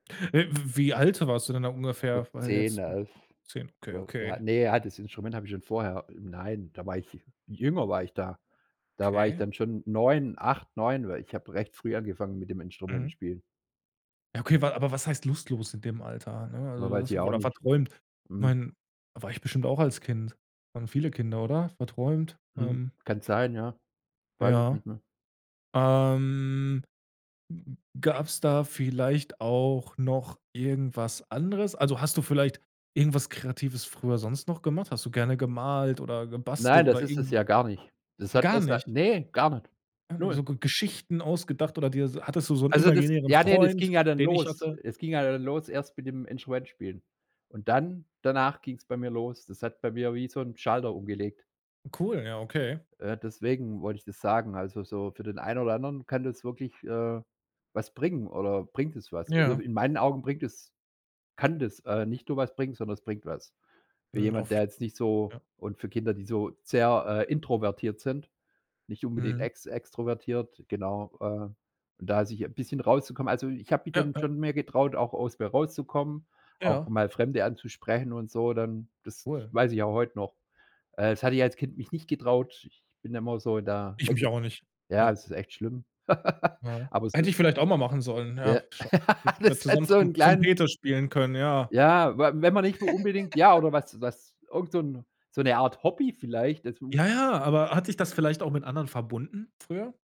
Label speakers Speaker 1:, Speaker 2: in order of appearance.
Speaker 1: Äh, w wie alt warst du denn da ungefähr?
Speaker 2: Gut,
Speaker 1: Weil
Speaker 2: 10,
Speaker 1: jetzt, hm
Speaker 2: 11,
Speaker 1: 10.
Speaker 2: so. Ja,
Speaker 1: Okay.
Speaker 2: ne, ja, das Instrument hatte ich schon vorher. Nein, da war ich jünger war ich da. Da war ich
Speaker 1: Okay.
Speaker 2: dann schon 9, 8, 9, weil ich hab recht früh angefangen mit dem
Speaker 1: Mhm.
Speaker 2: Instrumentenspielen.
Speaker 1: Ja,
Speaker 2: Hm.
Speaker 1: okay, wa aber was heißt lustlos in dem Alter? Ne, also
Speaker 2: W
Speaker 1: du
Speaker 2: weiß ich
Speaker 1: warst
Speaker 2: auch
Speaker 1: wohl
Speaker 2: nicht.
Speaker 1: verträumt. Ich
Speaker 2: Mhm.
Speaker 1: mein, war ich bestimmt auch als Kind. Waren viele Kinder, oder? Verträumt.
Speaker 2: Hm.
Speaker 1: Ähm.
Speaker 2: Kann sein, ja. Weiß ich
Speaker 1: Ja.
Speaker 2: nicht mehr.
Speaker 1: Ähm, gab's da vielleicht auch noch irgendwas anderes? Also, hast du vielleicht irgendwas Kreatives früher sonst noch gemacht? Hast du gerne gemalt oder gebastelt
Speaker 2: Nein,
Speaker 1: oder
Speaker 2: das ist
Speaker 1: irgend
Speaker 2: es ja gar nicht. Das
Speaker 1: 'nen
Speaker 2: hat
Speaker 1: Gar
Speaker 2: erst seit
Speaker 1: nicht?
Speaker 2: ne, gar nicht.
Speaker 1: Gar nich
Speaker 2: 0.
Speaker 1: So G Geschichten ausgedacht oder dir hattest du so 'nen
Speaker 2: Also das
Speaker 1: imaginären
Speaker 2: ja, ne, das
Speaker 1: Freund,
Speaker 2: ging ja dann
Speaker 1: den ich
Speaker 2: los.
Speaker 1: hatte?
Speaker 2: Es ging ja dann los erst mit dem Instrument spielen. Und dann danach ging's bei mir los. Das hat bei mir wie so 'n Schalter umgelegt.
Speaker 1: Cool, ja okay.
Speaker 2: Äh, deswegen wollte ich das sagen. Also, so für den einen oder anderen kann das wirklich, äh, was bringen oder bringt das was. Äh,
Speaker 1: Ja.
Speaker 2: in meinen Augen bringt es kann das, äh, nicht nur was bringen, sondern es bringt was. Für
Speaker 1: Mhm.
Speaker 2: jemand,
Speaker 1: Auf j
Speaker 2: der jetzt nicht so
Speaker 1: ja.
Speaker 2: und für Kinder, die so sehr, äh, introvertiert sind, nicht unbedingt
Speaker 1: Mhm.
Speaker 2: ex extrovertiert, genau. Äh, und da sich 'n bisschen rauszukommen. Also, ich habe mich
Speaker 1: Ja.
Speaker 2: dann
Speaker 1: Ja.
Speaker 2: schon mehr getraut, auch aus mir rauszukommen, auch
Speaker 1: Ja.
Speaker 2: mal Fremde anzusprechen und so, dann, das
Speaker 1: Cool.
Speaker 2: weiß ich auch heute noch. Äh, das hatte ich als Kind mich nicht getraut. Ich bin immer so in der
Speaker 1: Ich mich
Speaker 2: Ecke
Speaker 1: auch nicht.
Speaker 2: ja,
Speaker 1: Ja.
Speaker 2: es ist echt schlimm,
Speaker 1: Ja.
Speaker 2: aber es ist
Speaker 1: Hätte ich vielleicht auch mal machen sollen, ja.
Speaker 2: Ja,
Speaker 1: Sch hätten wir
Speaker 2: das hat
Speaker 1: zusammen
Speaker 2: so 'n
Speaker 1: Trom
Speaker 2: kleinen
Speaker 1: Trompete spielen können, ja.
Speaker 2: Ja, w wenn man nicht so unbedingt ja, oder was was irgend so 'n so 'ne Art Hobby vielleicht dazu.
Speaker 1: Ja, ja, aber hat dich das vielleicht auch mit anderen verbunden früher?